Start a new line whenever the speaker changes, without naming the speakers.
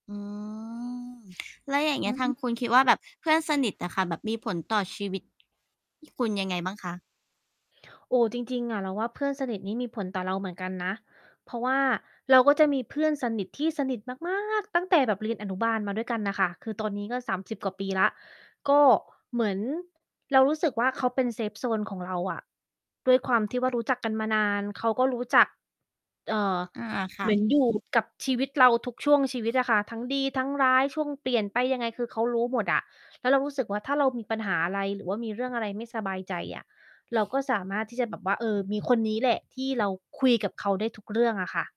อืม แล้วอย่างเง
อ
ี้
ื
ย
อ
ท
ฮ
าง
ึ
คุณคิดว่าแบบเพื่อนสนิทน่ะค่ะ แบบมีผลต่อชีวิต คุณยังไงบ้างคะ?
โอ้ จริง ๆ อะ เราว่าเพื่อนสนิทนี้มีผลต่อเราเหมือนกันนะ เพราะว่าเราก็จะมีเพื่อนสนิทที่สนิทมาก มาก ตั้งแต่แบบเรียนอนุบาลมาด้วยกันน่ะค่ะ คือตอนนี้ก็ 30 กว่าปีแล้ว ก็เหมือน เรารู้สึกว่า เขาเป็น เซฟโซน ของเราอะ ด้วยความที่ว่ารู้จักกันมานาน เขาก็รู้จัก เอ่อ
อา ค
เ
่
หม
ะ
ือนอยู่ กับชีวิตเราทุกช่วงชีวิตอะค่ะ ทั้งดีทั้งร้าย ช่วงเปลี่ยนไปยังไง คือเขารู้หมดอะ แล้วเรารู้สึกว่า ถ้าเรามีปัญหาอะไร หรือว่ามีเรื่องอะไรไม่สบายใจอะ เราก็สามารถที่จะแบบว่า เออ มีคนนี้แหละที่เราคุยกับเขาได้ทุกเรื่องอะค่ะ